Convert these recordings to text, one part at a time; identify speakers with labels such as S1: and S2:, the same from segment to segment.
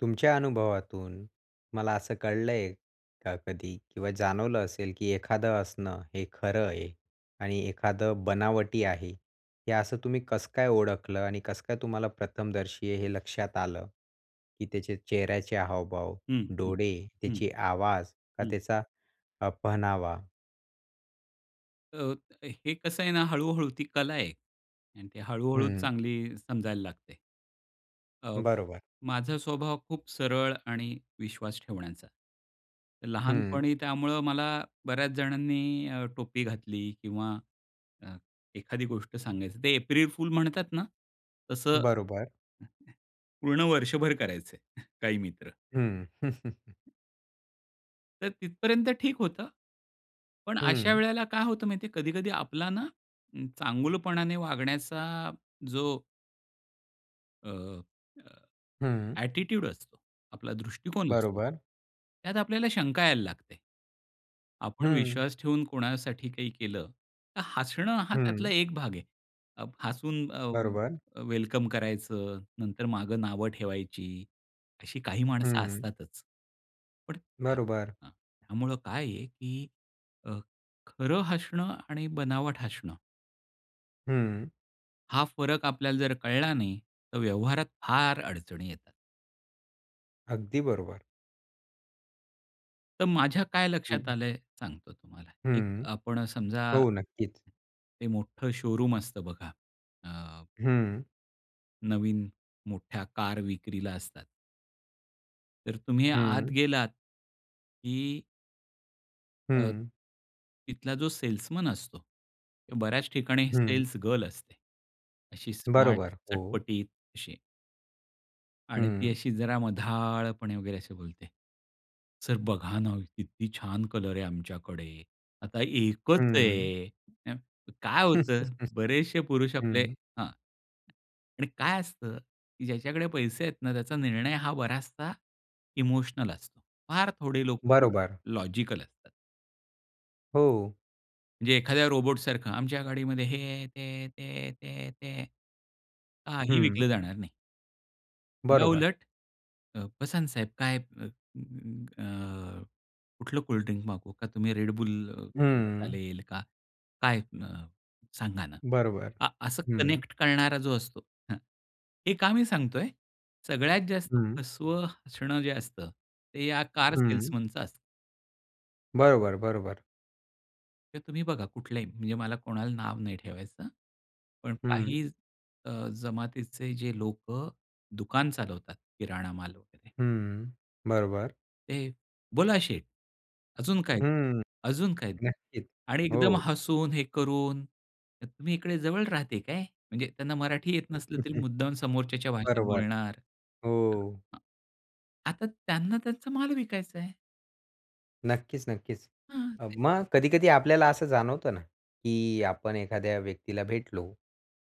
S1: तुमच्या अनुभवातून मला असं कळलंय का, कधी किंवा जाणवलं असेल, की एखादं हसणं, हे खरं आहे आणि एखादं बनावटी आहे. हे असं तुम्ही कसं काय ओळखलं? आणि कसं काय तुम्हाला प्रथमदर्शी आहे हे लक्षात आलं? की त्याचे चेहऱ्याचे हावभाव,
S2: हं, हं,
S1: डोळे,
S2: हं,
S1: त्याची आवाज का
S2: हं.
S1: त्याचा अ, पहनावा?
S2: अ, हे कसं आहे ना हळू-हळू ती कला आहे आणि ते हळू-हळू
S1: हं.
S2: चांगली समजायला लागते. अ,
S1: बरोबर.
S2: माझा स्वभाव खूप सरळ आणि विश्वास ठेवण्याचा.
S1: हं
S2: लहानपणी त्यामुळे मला बऱ्याच जणांनी अ, टोपी घातली किंवा अ, एखादी गोष्ट सांगायची ते एप्रिल फुल म्हणतात ना तसं
S1: बरोबर.
S2: ...पूर्ण वर्षभर करायचंय काही मित्र.
S1: हं.
S2: तर तिथपर्यंत ठीक होतं, पण अशा
S1: हं.
S2: वेळेला काय होतं माहिती आहे, कधी-कधी आपला ना चांगुलपणाने वागण्याचा जो अ, अ,
S1: हं.
S2: ॲटिट्यूड असतो, आपला दृष्टिकोन असतो.
S1: बरोबर.
S2: त्यात आपल्याला शंका यायला लागते. आपण
S1: हं.
S2: विश्वास ठेवून कोणासाठी काही केलं तर हसणं हा त्यातला
S1: हं.
S2: एक भाग आहे. हसून
S1: बरोबर.
S2: अ, वेलकम करायचं, नंतर मागं नावं ठेवायची अशी काही माणसं
S1: हं.
S2: असतातच. पण त्या हां,
S1: बरोबर.
S2: हां, त्यामुळे काय आहे, की अ, खरं हसणं आणि बनावट हसणं
S1: हं
S2: हा फरक आपल्याला जर कळला नाही तर व्यवहारात फार अडचणी येतात.
S1: अगदी बरोबर.
S2: तर माझ्या काय लक्षात
S1: हं.
S2: आलंय सांगतो तुम्हाला, एक
S1: हं,
S2: आपण समजा
S1: हो, नक्कीच.
S2: ते मोठं शोरूम असतं बघा, अ
S1: हं.
S2: नवीन मोठ्या कार विक्रीला असतात. तर तुम्ही आत
S1: हं.
S2: गेलात की अ,
S1: हं.
S2: तिथला जो सेल्समन असतो किंवा बऱ्याच ठिकाणी
S1: हं.
S2: सेल्स गर्ल असते. अशी स्मार्ट
S1: बरोबर, हो.
S2: चटपटीत अशी. आणि ती
S1: हं.
S2: अशी जरा मधाळपणे वगैरे, अशी बोलते, "सर बघा ना, किती छान कलर आहे आमच्याकडे, आता एकच
S1: हं.
S2: आहे." [unintelligible] काय होतं बरेचसे पुरुष आपले
S1: हं.
S2: हां, आणि काय असतं, की ज्याच्याकडे पैसे आहेत ना त्याचा निर्णय हा बराचसा इमोशनल असतो. फार थोडे लोक ल
S1: बरोबर.
S2: लॉजिकल असतात.
S1: हो.
S2: जे एखाद्या रोबोट सारखं, "आमच्या गाडीमध्ये हे आहे, ते आहे, ते आहे, ते आहे, ते आहे." काही
S1: हं.
S2: विकलं जाणार नाही.
S1: बरोबर.
S2: याउलट अ, "बसाना साहेब काय अ, कुठलं कोल्डड्रिंक मागवू का? तुम्ही Red Bull
S1: हं.
S2: चालेल का? काय अ, सांगा ना?"
S1: बरोबर,
S2: आ असं
S1: हं.
S2: कनेक्ट करणारा जो असतो हं, हे का मी सांगतोय, सगळ्यात जास्त
S1: हं.
S2: फसवं हसणं जे असतं, ते या कार
S1: हं.
S2: सेल्समनचं असतं.
S1: बरोबर, बरोबर.
S2: तुम्ही बघा, कुठल्याही म्हणजे मला कोणाला नाव नाही ठेवायचं. पण
S1: हं.
S2: काही अ, जमातीचे जे लोकं दुकान चालवतात, किराणा माल वगैरे.
S1: हं, बरोबर.
S2: ते, "बोला शेठ, अजून काय?
S1: हं.
S2: अजून काय देऊ?"
S1: नक्कीच,
S2: आणि एकदम
S1: हो.
S2: हसून हे करून, "तुम्ही इकडे जवळ राहते काय?" म्हणजे त्यांना मराठी येत नसलं, तरी मुद्दाम समोरच्याच्या भाषेत
S1: बरोबर,
S2: बोलणार. तर
S1: हो.
S2: हां. आता त्यांना त्यांचा माल विकायचा आहे.
S1: नक्कीच, नक्कीच.
S2: हां,
S1: अ,
S2: ते
S1: मग कधी-कधी आपल्याला असं जाणवतं ना, की आपण एखाद्या व्यक्तीला भेटलो,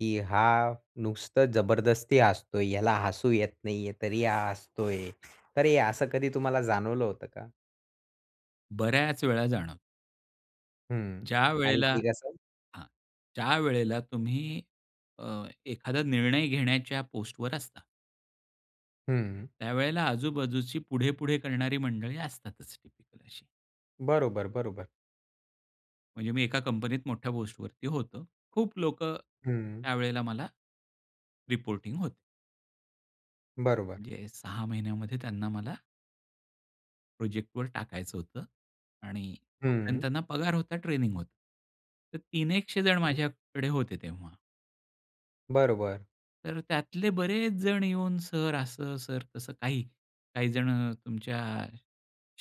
S1: की हा नुसतं जबरदस्ती हसतोय. ह्याला हसू येत नाहीये, तरी हा हसतोय. तर असं कधी तुम्हाला जाणवलं होतं का?
S2: बऱ्याच वेळा जाण.
S1: हं. आणि
S2: ज्यावेळेला
S1: ते कसं?
S2: हां, ज्यावेळेला तुम्ही अ, एखादा निर्णय घेण्याच्या पोस्टवर असता.
S1: हं.
S2: त्यावेळेला आजूबाजूची पुढे-पुढे करणारी मंडळी असतातच टिपिकल अशी.
S1: बरोबर, बरोबर.
S2: म्हणजे मी एका कंपनीत मोठ्या पोस्टवरती होतो. खूप लोकं
S1: हं.
S2: त्यावेळेला मला रिपोर्टिंग होते.
S1: बरोबर.
S2: म्हणजे 6 महिन्यामध्ये त्यांना मला प्रोजेक्टवर टाकायचं होतं आणि तोपर्यंत
S1: हं.
S2: त्यांना पगार होता, ट्रेनिंग होतं. तर तीन एकशेजण
S1: हं.
S2: माझ्याकडे होते तेव्हा.
S1: बरोबर.
S2: तर त्यातले बरेच जण येऊन सर असं, सर तसं, काही काही जण तुमच्या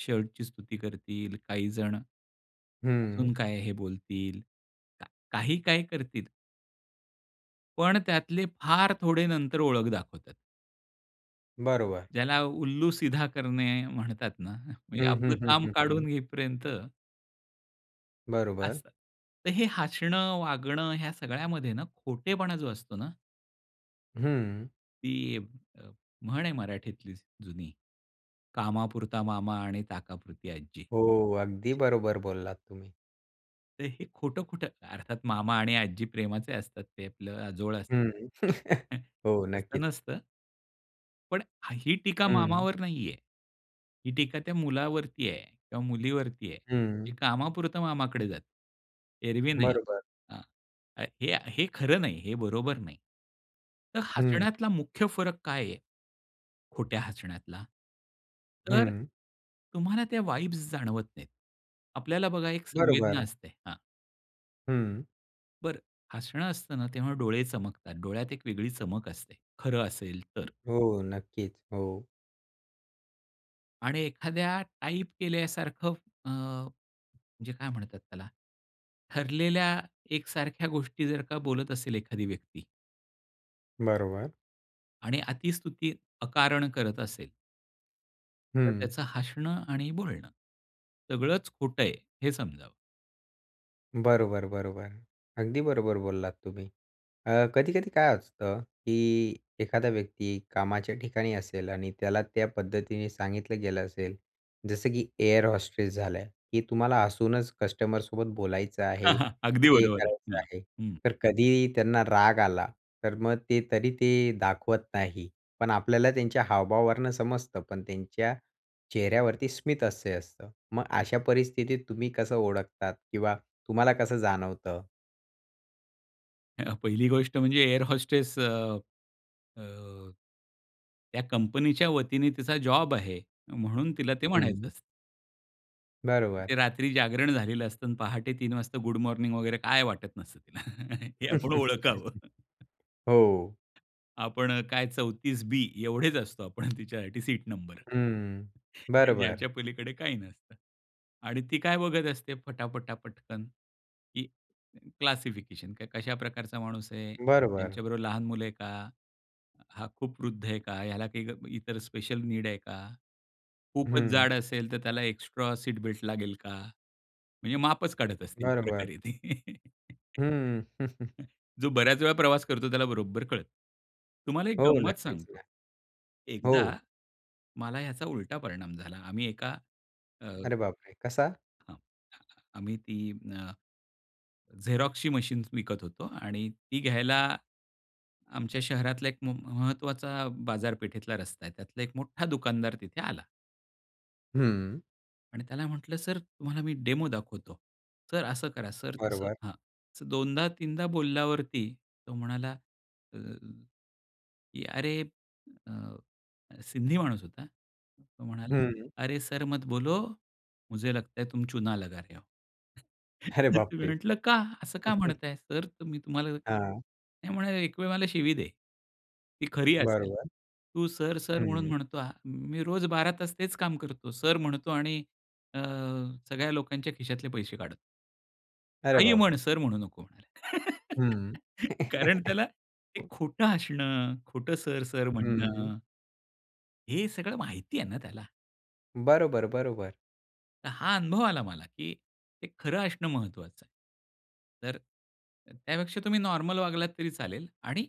S2: शर्टची स्तुती करतील, काही जण अजून
S1: हं.
S2: काय हे बोलतील, का काही काय करतील. पण त्यातले फार थोडे नंतर ओळख दाखवतात.
S1: बरोबर.
S2: ज्याला "उल्लू सीधा करणे" म्हणतात ना, म्हणजे
S1: हं, हं,
S2: आपलं
S1: हं,
S2: काम
S1: हं, हं.
S2: काढून घेईपर्यंत
S1: बरोबर.
S2: असं. तर हे हसणं, वागणं ह्या सगळ्यामध्ये ना खोटेपणा जो असतो ना
S1: हं.
S2: ती अ, म्हण आहे मराठीतलीच जुनी, "कामापुरता मामा आणि ताकापुरती आजी."
S1: हो. अगदी बरोबर बोललात तुम्ही.
S2: तर हे खोटं-खोटं अर्थात मामा आणि आजी प्रेमाचे असतात. ते आपलं आजोळ
S1: हं.
S2: असतात.
S1: हो.
S2: तसं
S1: नक्कीच.
S2: नसतं पण ह ही टीका
S1: हं.
S2: मामावर नाहीये. ही टीका त्या मुलावरती आहे किंवा मुलीवरती आहे, की
S1: हं.
S2: कामापुरतं मामाकडे जाते. एरवी नाही.
S1: बरोबर.
S2: हां. आ हे आ हे खरं नाही. हे बरोबर नाही. तर
S1: हं.
S2: हसण्यातला मुख्य फरक काय आहे? खोट्या हसण्यातला? तर,
S1: हं.
S2: तुम्हाला त्या वाइब्स जाणवत नाहीत. आपल्याला बघा एक संवेदना
S1: बरोबर.
S2: असते. हां.
S1: हं.
S2: बरं. हसणं असतं ना तेव्हा डोळे चमकतात. डोळ्यात एक वेगळी चमक असते, खरं असेल तर.
S1: हो. नक्कीच. हो.
S2: आणि एखाद्या टाइप केल्यासारखं अ, म्हणजे काय म्हणतात त्याला, ठरलेल्या एकसारख्या गोष्टी जर का बोलत असेल एखादी व्यक्ती
S1: बरोबर.
S2: आणि अतिस्तुती अकारण करत असेल तर
S1: हं.
S2: त्याचं हसणं आणि बोलणं, सगळंच खोट आहे, हे समजावं.
S1: बरोबर, बरोबर. अगदी बरोबर बोललात तुम्ही. अ, कधी-कधी काय असतं, की एखादा व्यक्ती कामाच्या ठिकाणी असेल. आणि त्याला त्या पद्धतीने सांगितलं गेलं असेल, जसं की एअर होस्टेस झालं, की तुम्हाला हसूनच कस्टमरसोबत बोलायचं
S2: अ,
S1: आहे,
S2: हं. अगदी
S1: हे
S2: बरोबर आहे.
S1: करायचं
S2: हं,
S1: आहे.
S2: हं.
S1: तर कधी त्यांना राग आला, तर मग ते तरी ते दाखवत नाही, पण आपल्याला त्यांच्या हावभावावरनं समजतं, पण त्यांच्या चेहऱ्यावरती स्मित हास्य असतं. मग अशा परिस्थितीत तुम्ही कसं ओळखतात, किंवा तुम्हाला कसं जाणवतं?
S2: अ, पहिली गोष्ट म्हणजे एअर होस्टेस अ, अ, त्या कंपनीच्या वतीने तिचा जॉब आहे. म्हणून तिला ते म्हणायचं
S1: हं.
S2: असतं.
S1: बरोबर.
S2: ते रात्री जागरण झालेलं असतं आणि पहाटे 3 वाजता गुड मॉर्निंग वगैरे काय वाटत नसतं, तिला हे आपण ओळखावं.
S1: हो.
S2: आपण काय 34 बी, एवढेच असतो आपण तिच्यासाठी सीट नंबर.
S1: हं.
S2: या
S1: बरोबर.
S2: याच्या पलीकडे काही नसतं. आणि ती काय बघत असते फटाफटा, पटकन, की क्लासिफिकेशन. कशा प्रकारचा माणूस आहे?
S1: बरोबर.
S2: त्यांच्याबरोबर लहान मुलं आहे का? हा खूप वृद्ध आहे का? ह्याला काही ग इतर स्पेशल नीड आहे का? खूपच
S1: हं.
S2: जाड असेल तर त्याला एक्स्ट्रा सीट बेल्ट लागेल का? म्हणजे मापच काढत असतील एक
S1: बरोबर.
S2: प्रकारे ती.
S1: हम्म,
S2: जो बऱ्याच वेळा प्रवास करतो, त्याला बरोबर कळतं. तुम्हाला एक
S1: हो,
S2: गंमत
S1: नक्कीच ना.
S2: सांगतो. एकदा
S1: हो.
S2: मला याचा उलटा परिणाम झाला. आम्ही एका अ,
S1: अरे बापरे, कसा?
S2: अ, आम्ही ती अ, झेरॉक्सची मशीन विकत होतो आणि ती घ्यायला आमच्या शहरातला एक म महत्वाचा बाजारपेठेतला रस्ता आहे. त्यातला एक मोठा दुकानदार तिथे आला.
S1: हम्म.
S2: आणि त्याला म्हटलं, "सर, तुम्हाला मी डेमो दाखवतो. सर, असं करा, सर, तसं."
S1: बरोबर.
S2: हां. असं दोनदा-तीनदा बोलल्यावरती तो म्हणाला, अ, की अरे, अ, अ, सिंधी माणूस होता, तो म्हणाला
S1: हं.
S2: "अरे सर मत बोलो. मुझे लगता है तुम चुना लगा रहे हो."
S1: अरे
S2: तर मी
S1: बापरे!
S2: म्हटलं, "का?" "असं का म्हणताय सर, तर मी तुम्हाला ते"
S1: हां.
S2: ते म्हणाले, "एक वेळ मला शिवी दे, ती खरी असेल.
S1: बरोबर.
S2: तू 'सर, सर' म्हणून
S1: हं.
S2: म्हणतो आ मी रोज 12 तास तेच काम करतो. 'सर' म्हणतो आणि अ, सगळ्या लोकांच्या खिशातले पैसे काढ"
S1: अरे
S2: काहीही म्हण,
S1: बापरे!
S2: सर म्हणू नको म्हणाले.
S1: हं.
S2: कारण त्याला ते
S1: हो.
S2: खोटं हसणं, खोटं सर-सर
S1: हम्म.
S2: म्हणणं हे सगळं माहिती आहे ना त्याला.
S1: बरोबर, बरोबर.
S2: तर हा अनुभव आला मला, की हे खरं असणं महत्वाचं आहे. तर तर त्यापेक्षा तुम्ही नॉर्मल वागलात तरी चालेल. आणि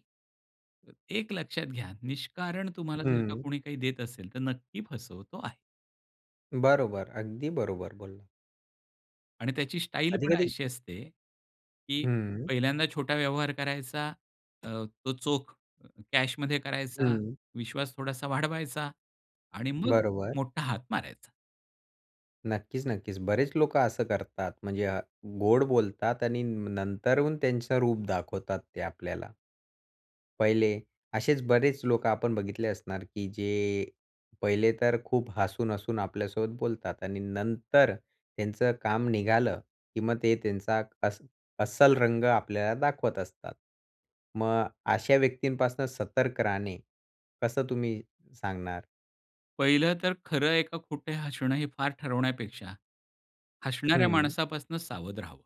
S2: एक लक्षात घ्या, निष्कारण तुम्हाला जर का
S1: हं.
S2: कोणी काही देत असेल, तर नक्की फसवतो आहे.
S1: बरोबर. अगदी बरोबर बोलला.
S2: आणि त्याची स्टाईल पण
S1: कधी-कधी
S2: अशी असते की
S1: हं.
S2: पहिल्यांदा छोटा व्यवहार करायचा, अ, तो चोख अ, कॅश मध्ये करायचा,
S1: हं.
S2: विश्वास थोडासा वाढवायचा आणि मग
S1: बरोबर.
S2: मोठा हात मारायचा.
S1: नक्कीच-नक्कीच. बरेच लोकं असं करतात म्हणजे अ, गोड बोलतात आणि न नंतरून त्यांचं रूप दाखवतात ते आपल्याला. पहिले असेच बरेच लोकं आपण बघितले असणार की जे पहिले तर खूप हसून-हसून आपल्यासोबत बोलतात आणि नंतर त्यांचं काम निघालं की मग ते त्यांचा अस्स अस्सल रंग आपल्याला दाखवत असतात. मग अशा व्यक्तींपासनं सतर्क राहणे कसं तुम्ही सांगणार?
S2: पहिलं तर खरं आहे का खोटं हसणं हे फार ठरवण्यापेक्षा, हसणाऱ्या
S1: हं.
S2: माणसापासून सावध राहावं.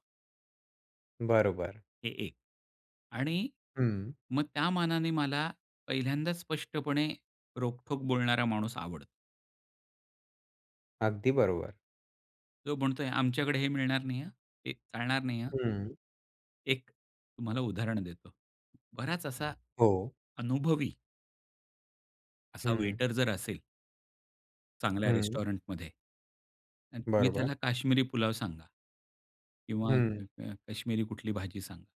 S1: बरोबर.
S2: हे एक आणि
S1: हं.
S2: मग त्या मानाने मला पहिल्यांदाच स्पष्टपणे रोखठोक बोलणारा माणूस आवडतो.
S1: अगदी बरोबर.
S2: तो म्हणतोय, "आमच्याकडे हे मिळणार नाही हां. अ, हे चालणार नाही हां.
S1: हं.
S2: एक तुम्हाला उदाहरण देतो. बराच असा
S1: हो.
S2: अनुभवी असा
S1: हं.
S2: वेटर जर असेल. चांगल्या
S1: हं.
S2: रेस्टॉरंटमध्ये अन तुम्ही
S1: बरोबर.
S2: त्याला काश्मिरी पुलाव सांगा. किंवा
S1: हं.
S2: क क काश्मिरी कुठली भाजी सांगा.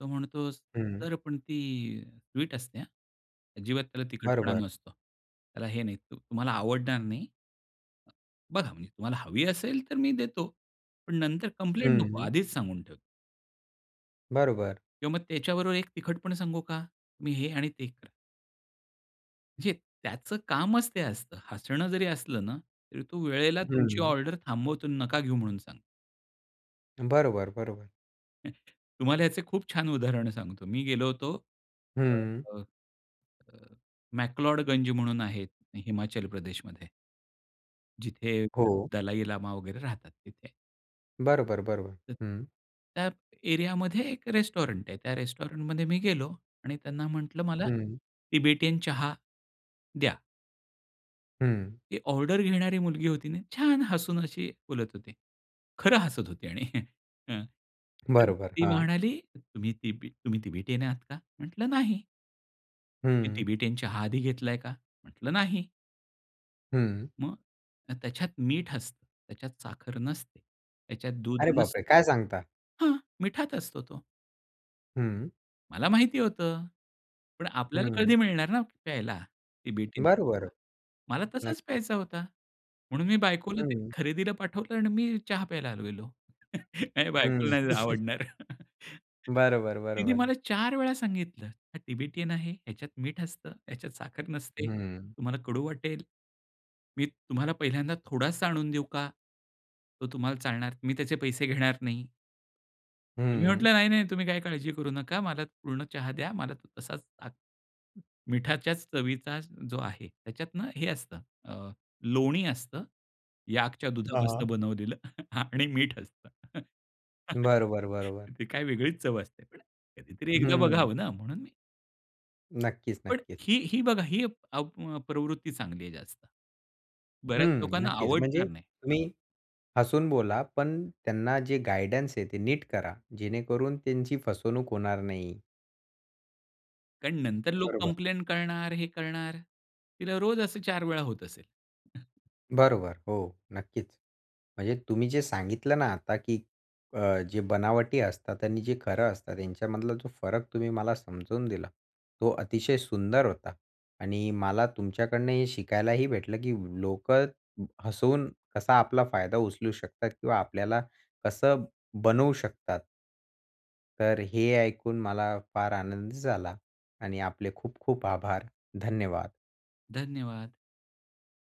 S2: तो म्हणतो,
S1: हं.
S2: "सर पण ती अ, स्वीट असते हा, अजिबात त्याला तिखटपणा
S1: बरोबर.
S2: नसतो. त्याला हे नाही तु तुम्हाला आवडणार नाही. बघा म्हणजे तुम्हाला हवी असेल तर मी देतो. पण नंतर कंप्लेंट नको
S1: हं.
S2: आधीच सांगून ठेवतो."
S1: बरोबर.
S2: किंवा मग त्याच्याबरोबर एक तिखटपण सांगू का? तुम्ही हे आणि ते खा. म्हणजे त्याचं कामच ते असतं. हसणं जरी असलं ना तरी तो वेळेला तुमची
S1: हं.
S2: ऑर्डर थांबवतो. नका घेऊ म्हणून सांग
S1: बरोबर, बरोबर.
S2: तुम्हाला याचे खूप छान उदाहरण सांगतो. मी गेलो होतो अ,
S1: हं.
S2: अ, अ, मॅक्लोडगंज म्हणून आहे हिमाचल प्रदेशमध्ये. जिथे
S1: हो.
S2: दलाई लामा वगैरे राहतात तिथे.
S1: बरोबर, बरोबर.
S2: तर
S1: हं.
S2: त्यात एरियामध्ये एक रेस्टॉरंट आहे. त्या रेस्टॉरंट मध्ये मी गेलो आणि त्यांना म्हंटलं "मला
S1: हं.
S2: तिबेटियन चहा द्या."
S1: हं.
S2: ती ऑर्डर घेणारी मुलगी होती ना, छान हसून अशी बोलत होती. खरं हसत होती आणि अ,
S1: बरोबर,
S2: ती
S1: हां.
S2: म्हणाली "तुम्ही तिबी तुम्ही तिबेटियन आहात का?" म्हटलं "नाही." "तुम्ही
S1: हं.
S2: तिबेटियन चहा आधी घेतलाय का?" म्हटलं "नाही."
S1: हं.
S2: मग त्याच्यात मीठ असतं, त्याच्यात साखर नसते, त्याच्यात दूध
S1: अअरे बापरे!
S2: नसतं.
S1: काय सांगता?
S2: हां, मिठात असतो तो.
S1: हं.
S2: मला माहिती होतं. पण आपल्याला
S1: हं.
S2: कधी मिळणार ना प्यायला तिबेटियन चहा.
S1: बरोबर,
S2: मला तसाच
S1: नक्कीच.
S2: प्यायचा होता. म्हणून मी बायकोला ते
S1: हं.
S2: खरेदीला पाठवलं आणि मी चहा प्यायला आलेलो. नाही बायकोला
S1: हं.
S2: नाही आवडणार.
S1: बरोबर,
S2: तिने
S1: बरोबर.
S2: मला 4 वेळा सांगितलं "हा तिबेटियन आहे, ह्याच्यात मीठ असतं, ह्याच्यात साखर नसते,
S1: हं.
S2: तुम्हाला कडू वाटेल, मी तुम्हाला पहिल्यांदा थोडासा आणून देऊ का? तो तुम्हाला चालणार? मी त्याचे पैसे घेणार नाही." मी
S1: हं.
S2: म्हंटलं, नाही, नाही. तुम्ही काही काळजी करू नका, मला पूर्ण चहा द्या, मला तसाच अ, मीठाच्याच चवीचा जो आहे, त्याच्यात ना, हे असतं, अ, लोणी असतं, याकच्या
S1: हां, हां.
S2: दुधापासून बनवलेलं आणि मीठ असतं.
S1: बरोबर, बरोबर.
S2: ती काय वेगळीच चव असते. पण कधीतरी एकदा
S1: हं.
S2: बघावं ना! म्हणून मी
S1: नक्कीच,
S2: पण
S1: नक्कीच.
S2: ही ही बघा, ही अ, प्रवृत्ती चांगली आहे जास्त. बऱ्याच
S1: हं,
S2: लोकांना
S1: नक्कीच.
S2: आवडणार
S1: म्हणजे
S2: नाही. हां.
S1: तुम्ही हसून बोला, पण त्यांना जे गाईडन्स आहे ते नीट करा, जेणेकरून त्यांची फसवणूक होणार नाही.
S2: कारण नंतर लोक
S1: बरोबर.
S2: कंप्लेन्ट करणार, हे करणार, तिला रोज असं 4 वेळा होत असेल.
S1: बरोबर. हो, नक्कीच. म्हणजे तुम्ही जे सांगितलं ना आता, की अ, जे बनावटी असतात आणि जे खरं असतात, यांच्यामधला जो फरक तुम्ही मला समजून दिला, तो अतिशय सुंदर होता. आणि, मला तुमच्याकडनं हे शिकायलाही भेटलं, की लोकं हसवून कसा आपला फायदा उचलू शकतात किंवा आपल्याला कसं बनवू शकतात. तर हे ऐकून मला फार आनंद झाला आणि आपले खूप खूप आभार. धन्यवाद.
S2: धन्यवाद.